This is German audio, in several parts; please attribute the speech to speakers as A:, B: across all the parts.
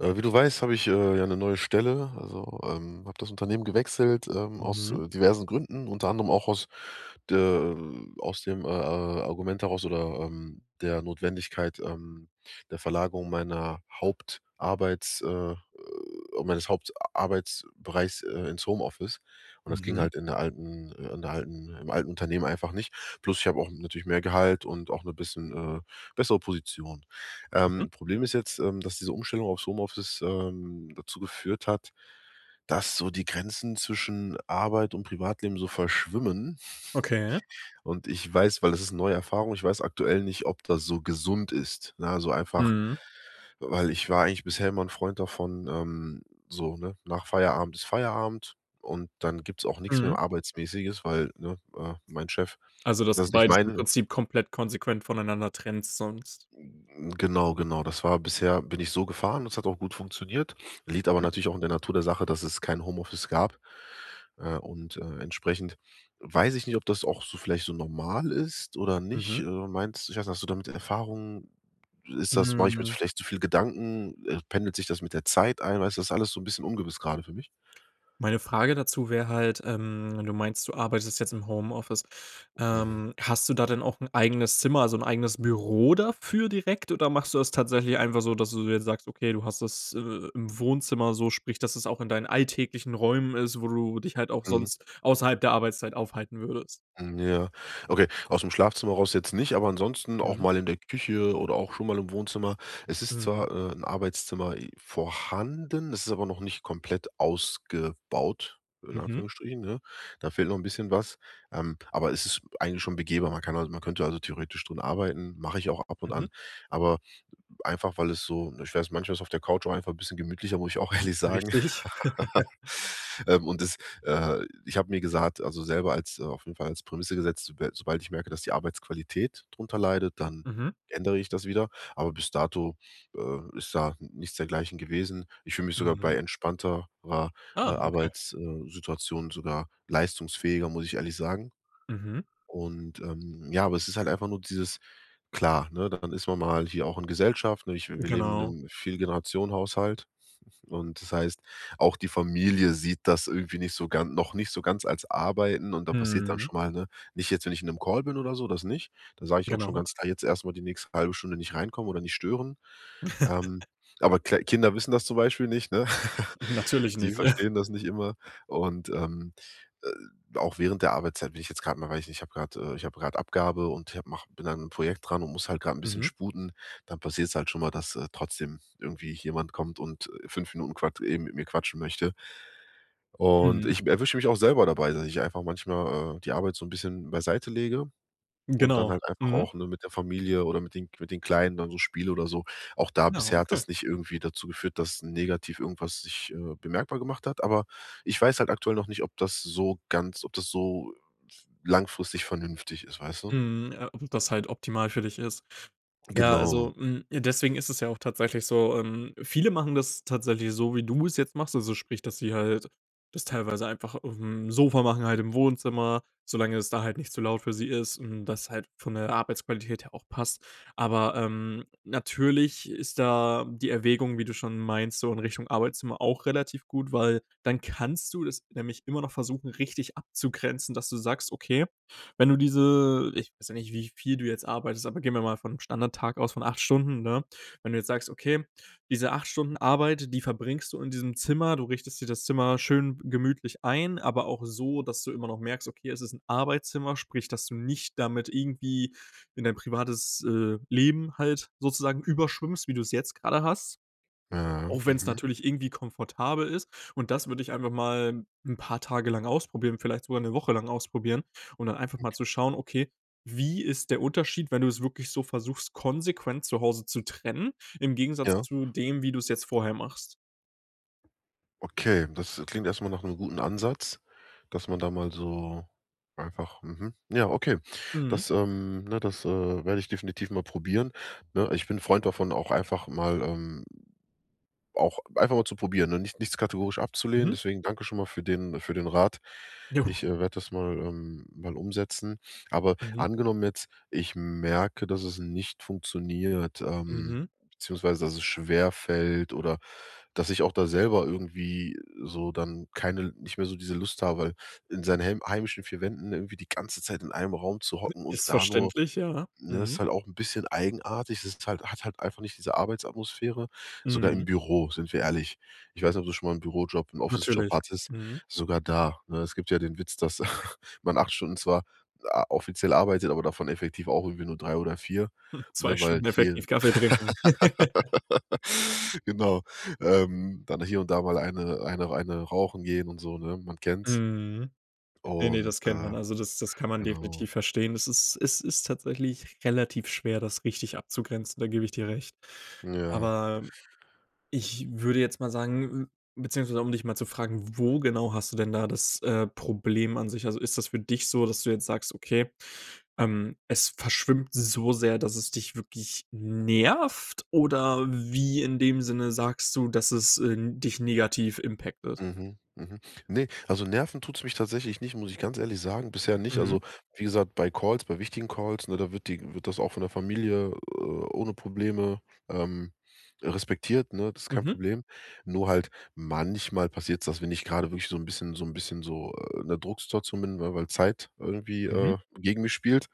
A: Äh, wie du weißt, habe ich, äh, ja 'ne neue Stelle. Also, ähm, habe das Unternehmen gewechselt, ähm, aus,
B: Mhm.
A: äh, diversen Gründen, unter anderem auch aus der, ähm aus dem, äh, äh, Argument heraus oder, ähm, der Notwendigkeit, ähm, der Verlagerung meiner Hauptarbeits, äh meines Hauptarbeitsbereichs, äh, ins Homeoffice. Und das ging
B: Mhm.
A: halt in der alten, äh in der alten im alten Unternehmen einfach nicht. Plus ich habe auch natürlich mehr Gehalt und auch 'ne bisschen, äh, bessere Position.
B: Mhm.
A: Ähm, Problem ist jetzt, ähm, dass diese Umstellung aufs Homeoffice, ähm, dazu geführt hat, dass so die Grenzen zwischen Arbeit und Privatleben so verschwimmen.
B: Okay.
A: Und ich weiß weil das ist 'ne neue Erfahrung, ich weiß aktuell nicht, ob das so gesund ist, ne? Also, einfach
B: Mhm.
A: weil ich war eigentlich bisher immer 'n Freund davon, ähm so, ne, nach Feierabend ist Feierabend, und dann gibt es auch nichts
B: Mhm.
A: mehr arbeitsmäßiges, weil, ne, äh, mein Chef
B: Also, dass
A: das
B: du
A: ist nicht
B: beides im
A: meine
B: Prinzip komplett konsequent voneinander trennst sonst?
A: Genau, genau, das war bisher bin ich so gefahren. Das hat auch gut funktioniert, liegt aber
B: Mhm.
A: natürlich auch in der Natur der Sache, dass es kein Home-Office gab. Äh, und, äh, entsprechend weiß ich nicht, ob das auch so vielleicht so normal ist oder nicht.
B: Mhm.
A: Äh, meinst ich weiß nicht, hast du damit Erfahrung? Ist das mache ich mir
B: Mhm.
A: vielleicht zu viel Gedanken, äh, pendelt sich das mit der Zeit ein? Weißt du, das ist alles so bisschen ungewiss gerade für mich.
B: Meine Frage dazu wäre halt, ähm, wenn du meinst, du arbeitest jetzt im Homeoffice.
A: Mhm.
B: Ähm, hast du da denn auch 'n eigenes Zimmer, also 'n eigenes Büro dafür direkt, oder machst du das tatsächlich einfach so, dass du jetzt sagst, okay, du hast das, äh, im Wohnzimmer. So sprich, dass es auch in deinen alltäglichen Räumen ist, wo du dich halt auch
A: Mhm.
B: sonst außerhalb der Arbeitszeit aufhalten würdest?
A: M Ja, okay, aus dem Schlafzimmer raus jetzt nicht, aber ansonsten auch
B: Mhm.
A: mal in der Küche oder auch schon mal im Wohnzimmer. Es ist
B: Mhm.
A: zwar, äh, 'n Arbeitszimmer vorhanden, es ist aber noch nicht komplett ausgebaut, in
B: Mhm.
A: Anführungsstrichen, ne? Da fehlt noch 'n bisschen was. Ähm, aber es ist eigentlich schon begehbar. Man kann man könnte also theoretisch darin arbeiten, mache ich auch ab und
B: Mhm.
A: an, aber einfach, weil es so ich weiß, manchmal ist es auf der Couch auch einfach ein bisschen gemütlicher, muss ich auch
B: Mhm,
A: ehrlich sagen.
B: richtig.
A: Ähm, und das, äh ich habe mir gesagt, also, selber als auf jeden Fall als Prämisse gesetzt, soba sobald ich merke, dass die Arbeitsqualität drunter leidet, dann
B: Mhm.
A: ändere ich das wieder. Aber bis dato, äh, ist da nichts dergleichen gewesen. Ich fühle mich sogar bei
B: Mhm.
A: entspannter ra äh,
B: Ah, okay.
A: Arbeits, äh, Situation sogar leistungsfähiger, muss ich ehrlich sagen.
B: Mhm.
A: Und, ähm ja, aber es ist halt einfach nur dieses klar, ne, dann ist man mal hier auch in Gesellschaft, ne? Ich wir leben in
B: Genau.
A: 'nem 4- Generationen-Haushalt und das heißt, auch die Familie sieht das irgendwie nicht so gan noch nicht so ganz als Arbeiten, und da passiert dann
B: Mhm.
A: schon mal, ne nicht jetzt, wenn ich in 'nem Call bin oder so, das nicht. Dann sage ich auch schon
B: Genau.
A: ganz klar: „Jetzt erstmal die nächste halbe Stunde nicht reinkommen oder nicht stören.“ Ähm, aber kla Kinder wissen das zum Beispiel nicht, ne?
B: Natürlich
A: Die
B: nicht.
A: verstehen das nicht immer und ähm, äh, auch während der Arbeitszeit bin ich jetzt gerade mal weiß ich nicht, ich habe gerade, äh ich habe gerade Abgabe und ich habe mache bin an 'nem Projekt dran und muss halt gerade 'n bisschen
B: Mhm.
A: sputen. Dann passiert es halt schon mal, dass, äh, trotzdem irgendwie jemand kommt und, äh, 5 Minuten quat eben mit mir quatschen möchte. Und
B: Mhm.
A: ich erwische mich auch selber dabei, dass ich einfach manchmal, äh, die Arbeit so 'n bisschen beiseite lege und dann
B: Genau,
A: halt einfach
B: mhm.
A: auch, ne, mit der Familie oder mit den mit den Kleinen dann so spiele oder so. Auch da
B: Ja,
A: bisher hat
B: okay.
A: das nicht irgendwie dazu geführt, dass negativ irgendwas sich, äh, bemerkbar gemacht hat. Aber ich weiß halt aktuell noch nicht, ob das so ganz ob das so langfristig vernünftig ist, weißt du?
B: Mhm, ja, ob das halt optimal für dich ist. Ja,
A: Genau.
B: also, hm, deswegen ist es ja auch tatsächlich so, ähm viele machen das tatsächlich so, wie du es jetzt machst. Also, sprich, dass sie halt das teilweise einfach aufm Sofa machen, halt im Wohnzimmer, solange es da halt nicht zu laut für sie ist, hm, und das halt von der Arbeitsqualität her auch passt. Aber, ähm, natürlich ist da die Erwägung, wie du schon meinst, so in Richtung Arbeitszimmer auch relativ gut, weil dann kannst du es nämlich immer noch versuchen, richtig abzugrenzen, dass du sagst, okay, wenn du diese Ich weiß ja nicht, wie viel du jetzt arbeitest. Aber gehen wir mal vom Standardtag aus, von 8 Stunden, ne? Wenn du jetzt sagst, okay, diese 8 Stunden Arbeit, die verbringst du in diesem Zimmer. Du richtest dir das Zimmer schön gemütlich ein. Aber auch so, dass du immer noch merkst: „Okay, es ist 'n Arbeitszimmer.“ Sprich, dass du nicht damit irgendwie in dein privates, äh, Leben halt sozusagen überschwimmst, wie du es jetzt gerade hast.
A: Ja,
B: Auch wenn es
A: mhm.
B: natürlich irgendwie komfortabel ist. Und das würde ich einfach mal 'n paar Tage lang ausprobieren, vielleicht sogar 'ne Woche lang ausprobieren und dann einfach mal zu
A: Okay.
B: schauen, okay, wie ist der Unterschied, wenn du es wirklich so versuchst, konsequent zu Hause zu trennen, im Gegensatz
A: Ja.
B: zu dem, wie du es jetzt vorher machst?
A: Okay, das klingt erstmal nach 'nem guten Ansatz, dass man da mal so einfach mhm, ja, okay.
B: Mhm.
A: Das, ähm ne, das, äh, werde ich definitiv mal probieren, ne? Ich bin 'n Freund davon, auch einfach mal, ähm auch einfach mal zu probieren, ne, nicht nichts kategorisch abzulehnen.
B: Mhm.
A: Deswegen danke schon mal für den für den Rat.
B: Jo.
A: Ich werde das mal, ähm mal umsetzen. Aber
B: Mhm.
A: angenommen jetzt, ich merke, dass es nicht funktioniert, ähm,
B: Mhm.
A: beziehungsweise dass es schwer fällt oder dass ich auch da selber irgendwie so dann keine nicht mehr so diese Lust habe, in seinen hem heimischen 4 Wänden irgendwie die ganze Zeit in einem Raum zu hocken und
B: Ist
A: da nur
B: verständlich, ja.
A: ne, das ist
B: Mhm.
A: halt auch 'n bisschen eigenartig. Das ist halt hat halt einfach nicht diese Arbeitsatmosphäre, sogar im
B: Mhm.
A: Büro, sind wir ehrlich. Ich weiß nicht, ob du schon mal 'n Bürojob 'n Office-Job
B: Natürlich.
A: hattest
B: Mhm.
A: sogar da, ne? Es gibt ja den Witz, dass man 8 Stunden zwar a offiziell arbeitet, aber davon effektiv auch irgendwie nur 3 oder 4,
B: 2
A: ne, weil
B: Stunden
A: hier
B: effektiv Kaffee trinken.
A: Genau. Ähm, dann hier und da mal eine eine eine rauchen gehen und so, ne, man kennt es.
B: Mhm. Ne, ne,
A: Und,
B: das kennt
A: äh
B: man. Also, das das kann man
A: genau.
B: definitiv verstehen. Es ist es ist tatsächlich relativ schwer, das richtig abzugrenzen, da gebe ich dir recht.
A: Ja.
B: Aber ich würde jetzt mal sagen beziehungsweise, um dich mal zu fragen. Wo genau hast du denn da das, äh, Problem an sich? Also, ist das für dich so, dass du jetzt sagst, okay, ähm, es verschwimmt so sehr, dass es dich wirklich nervt, oder wie in dem Sinne sagst du, dass es, äh, dich negativ impacted.
A: Mhm, mhm. Ne, also, nerven tut es mich tatsächlich nicht, muss ich ganz ehrlich sagen, bisher nicht. Also,
B: Mhm.
A: wie gesagt, bei Calls, bei wichtigen Calls, ne, da wird die wird das auch von der Familie, äh, ohne Probleme, ähm, respektiert, ne? Das ist kein
B: Mhm.
A: Problem. Nur halt manchmal passiert es, dass wenn ich gerade wirklich so 'n bisschen so 'n bisschen so, äh, in 'ner Drucksituation bin, weil weil Zeit irgendwie, äh,
B: Mhm.
A: gegen mich spielt,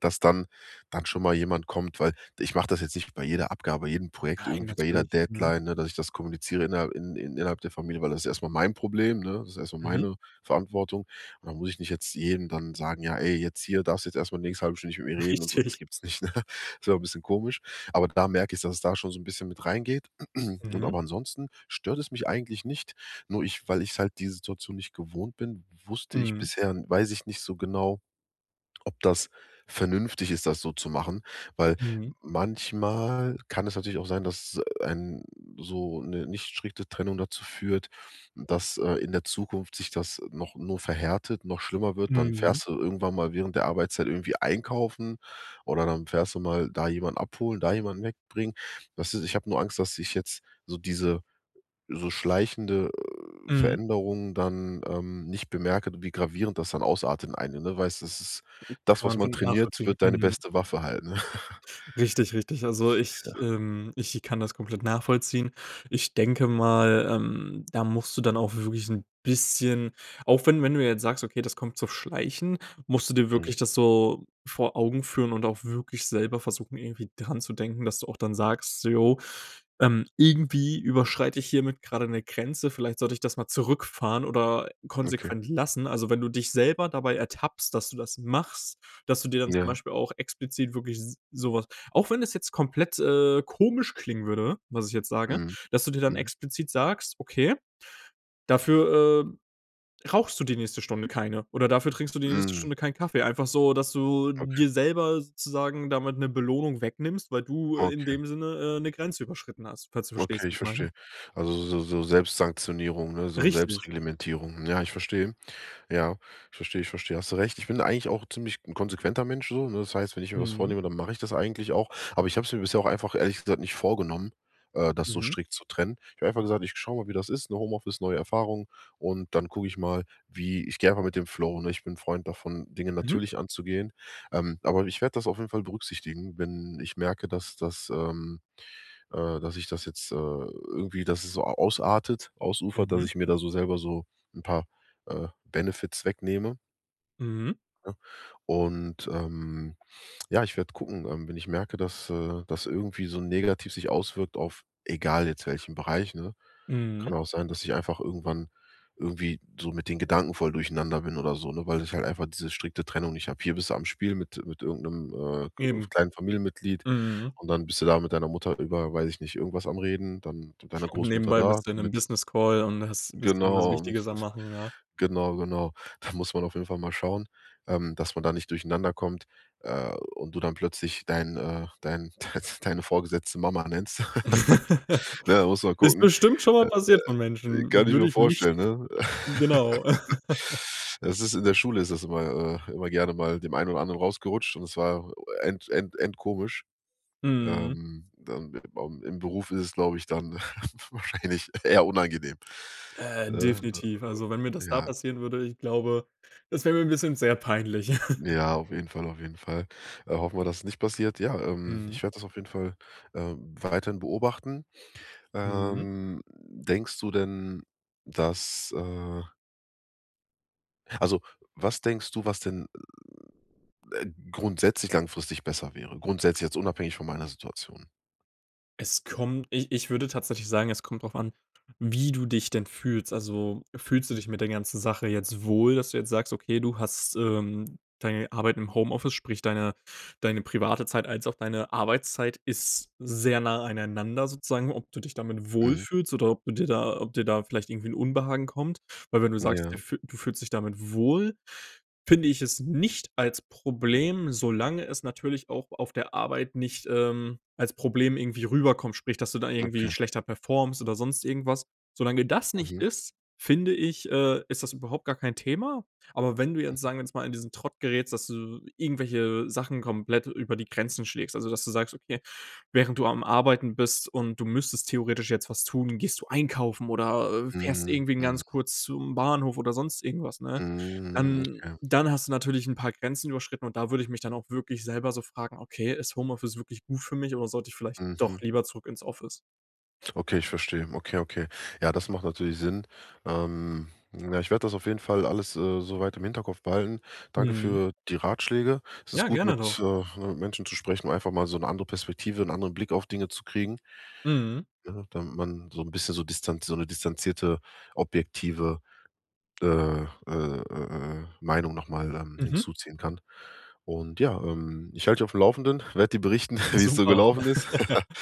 A: dass dann dann schon mal jemand kommt, weil ich mache das jetzt nicht bei jeder Abgabe, jedem Projekt,
B: Nein,
A: irgendwie bei jeder
B: natürlich. Mhm.
A: Deadline, ne, dass ich das kommuniziere innerhalb in in innerhalb der Familie, weil das ist erstmal mein Problem, ne? Das ist erstmal
B: Mhm.
A: meine Verantwortung. Und dann muss ich nicht jetzt jedem dann sagen: „Ja, ey, jetzt hier, darfst jetzt erstmal die nächste halbe Stunde mit mir reden“ und so. Das
B: Richtig.
A: gibt's nicht, ne? Das wäre 'n bisschen komisch. Aber da merke ich, dass es da schon so 'n bisschen mit reingeht. Und
B: Mhm.
A: aber ansonsten stört es mich eigentlich nicht. Nur ich weil ich halt die Situation nicht gewohnt bin, wusste ich
B: Mhm.
A: bisher weiß ich nicht so genau, ob das vernünftig ist, das so zu machen, weil
B: Mhm.
A: manchmal kann es natürlich auch sein, dass ein so 'ne nicht strikte Trennung dazu führt, dass, äh, in der Zukunft sich das noch nur verhärtet, noch schlimmer wird. Dann
B: Mhm.
A: fährst du irgendwann mal während der Arbeitszeit irgendwie einkaufen, oder dann fährst du mal da jemanden abholen, da jemanden wegbringen. Das ist ich habe nur Angst, dass ich jetzt so diese so schleichende
B: Mhm.
A: Veränderung dann, ähm, nicht bemerke, wie gravierend das dann ausartet in eine Ne, weil das ist
B: Mhm.
A: das,
B: Kann
A: was
B: man
A: man
B: voll
A: trainiert,
B: nachvollziehen.
A: wird deine
B: Mhm.
A: beste Waffe halt, ne?
B: Richtig, richtig. Also, ich,
A: Ja.
B: ähm ich kann das komplett nachvollziehen. Ich denke mal, ähm, da musst du dann auch wirklich 'n bisschen auch wenn wenn du jetzt sagst: „Okay, das kommt so schleichend.“ Musst du dir
A: Mhm.
B: wirklich das so vor Augen führen und auch wirklich selber versuchen, irgendwie daran zu denken, dass du auch dann sagst so: „Jo, ähm, irgendwie überschreite ich hiermit gerade 'ne Grenze. Vielleicht sollte ich das mal zurückfahren oder
A: Okay.
B: konsequent lassen.“ Also, wenn du dich selber dabei ertappst, dass du das machst, dass du dir dann zum
A: Ja.
B: Beispiel auch explizit wirklich s sowas auch wenn das jetzt komplett, äh, komisch klingen würde, was ich jetzt sage,
A: Mhm.
B: dass du dir dann
A: Mhm.
B: explizit sagst, okay, dafür, äh, rauchst du die nächste Stunde keine, oder dafür trinkst du die nächste
A: Mhm.
B: Stunde keinen Kaffee. Einfach so, dass du
A: Okay.
B: dir selber sozusagen damit 'ne Belohnung wegnimmst, weil du, äh, in
A: Okay.
B: dem Sinne, äh, 'ne Grenze überschritten hast, falls du
A: Okay,
B: verstehst,
A: ich
B: was ich meine.
A: verstehe. Also, so so Selbstsanktionierung, ne? So
B: Richtig.
A: Selbstreglementierung. Ja, ich verstehe. Ja, ich verstehe, ich verstehe. Hast du recht. Ich bin eigentlich auch ziemlich 'n konsequenter Mensch so, ne? Das heißt, wenn ich mir was
B: Mhm.
A: vornehme, dann mache ich das eigentlich auch. Aber ich habe es mir bisher auch einfach ehrlich gesagt nicht vorgenommen, äh, das so
B: Mhm.
A: strikt zu trennen. Ich habe einfach gesagt: Ich schaue mal, wie das ist, ne? Home Office, neue Erfahrung und dann gucke ich mal, wie ich gehe einfach mit dem Flow, ne? Ich bin 'n Freund davon, Dinge
B: Mhm.
A: natürlich anzugehen. Ähm, aber ich werde das auf jeden Fall berücksichtigen, wenn ich merke, dass, das ähm, äh dass ich das jetzt, äh, irgendwie dass es so a ausartet, ausufert, dass
B: Mhm.
A: ich mir da so selber so 'n paar, äh, Benefits wegnehme.
B: Mhm.
A: Ne? Und, ähm, ja, ich werde gucken, ähm, wenn ich merke, dass, äh, dass irgendwie so negativ sich auswirkt auf, egal jetzt welchen Bereich, ne?
B: Mhm.
A: Kann auch sein, dass ich einfach irgendwann, irgendwie so mit den Gedanken voll durcheinander bin oder so, ne, weil ich halt einfach diese strikte Trennung nicht habe. Hier bist du am Spiel mit mit irgend 'nem, äh, k
B: Eben.
A: kleinen Familienmitglied
B: Mhm.
A: und dann bist du da mit deiner Mutter über, weiß ich nicht, irgendwas am Reden, dann deiner
B: Und
A: Großmutter
B: nebenbei
A: da,
B: bist du in 'nem
A: mit
B: Business-Call und hast bist irgendwas
A: Genau..
B: Wichtiges am machen, ja.
A: Genau, genau. Da muss man auf jeden Fall mal schauen, ähm, dass man da nicht durcheinander kommt, äh, und du dann plötzlich dein, äh, dein deine Vorgesetzte Mama nennst. Ne, muss man
B: Ist
A: gucken.
B: bestimmt schon mal
A: Äh,
B: passiert von
A: kann
B: Menschen
A: ich
B: würde
A: mir
B: ich nicht
A: vorstellen, ne?
B: genau.
A: Das ist in der Schule ist das immer, äh immer gerne mal dem einen oder anderen rausgerutscht und das war end end endkomisch.
B: Mhm.
A: Ähm, dann, äh, beim im Beruf ist es, glaube ich, dann wahrscheinlich eher unangenehm,
B: Äh,
A: ne,
B: definitiv. Also, wenn mir
A: äh,
B: das da
A: ja.
B: passieren würde, ich glaube, das wäre mir 'n bisschen sehr peinlich.
A: Ja, auf jeden Fall, auf jeden Fall. Äh, hoffen wir, dass es nicht passiert. Ja, ähm,
B: Mhm.
A: ich werde das auf jeden Fall, ähm, weiterhin beobachten.
B: Mhm.
A: Ähm, denkst du denn, dass, äh Also, was denkst du, was denn, äh, grundsätzlich langfristig besser wäre? Grundsätzlich jetzt, unabhängig von meiner Situation.
B: Es kommt ich ich würde tatsächlich sagen, es kommt drauf an, wie du dich denn fühlst. Also, fühlst du dich mit der ganzen Sache jetzt wohl, dass du jetzt sagst: Okay, du hast, ähm deine Arbeit im Homeoffice, sprich deine deine private Zeit als auch deine Arbeitszeit ist sehr nah aneinander, sozusagen. Ob du dich damit
A: Mhm.
B: wohlfühlst oder ob du dir da ob dir da vielleicht irgendwie 'n Unbehagen kommt, weil, wenn du sagst, du
A: Ja.
B: f du fühlst dich damit wohl, finde ich es nicht als Problem, solange es natürlich auch auf der Arbeit nicht, ähm, als Problem irgendwie rüberkommt. Sprich, dass du dann
A: Okay.
B: irgendwie schlechter performst oder sonst irgendwas. Solange das nicht
A: Mhm.
B: ist, finde ich, äh, ist das überhaupt gar kein Thema. Aber wenn du jetzt,
A: Mhm.
B: sagen wir jetzt mal, in diesen Trott gerätst, dass du irgendwelche Sachen komplett über die Grenzen schlägst, also, dass du sagst: „Okay, während du am Arbeiten bist und du müsstest theoretisch jetzt was tun, gehst du einkaufen oder, äh, fährst
A: Mhm,
B: irgendwen
A: mhm.
B: ganz kurz zum Bahnhof oder sonst irgendwas", ne?
A: Mhm,
B: Dann
A: okay.
B: dann hast du natürlich 'n paar Grenzen überschritten. Und da würde ich mich dann auch wirklich selber so fragen: „Okay, ist Homeoffice wirklich gut für mich, oder sollte ich vielleicht doch
A: Mhm.
B: lieber zurück ins Office?"
A: Okay, ich verstehe. Okay, okay. Ja, das macht natürlich Sinn. Ähm, ja, ich werde das auf jeden Fall alles, äh, soweit im Hinterkopf behalten. Danke
B: Mhm.
A: für die Ratschläge. Es ist
B: Ja,
A: gut,
B: gerne
A: mit,
B: doch.
A: äh, Menschen zu sprechen, um einfach mal so 'ne andere Perspektive, 'nen anderen Blick auf Dinge zu kriegen.
B: Mhm.
A: Ja, damit man so 'n bisschen so Distanz so 'ne distanzierte, objektive äh äh äh äh äh, Meinung nochmal, ähm,
B: Mhm.
A: hinzuziehen kann. Und ja, ähm, ich halte dich auf dem Laufenden, werde dir berichten, wie es so
B: Super.
A: gelaufen ist.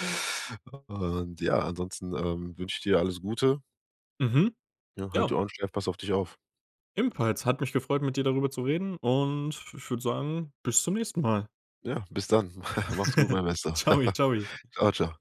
A: Und ja, ansonsten, ähm, wünsche ich dir alles Gute.
B: Mhm.
A: Ja, halt die
B: Ja.
A: Ohren steif, pass auf dich auf.
B: Ebenfalls, hat mich gefreut, mit dir darüber zu reden. Und ich würde sagen, bis zum nächsten Mal.
A: Ja, bis dann. Mach's gut, mein Bester.
B: Tschau, tschau.
A: Tschau, tschau.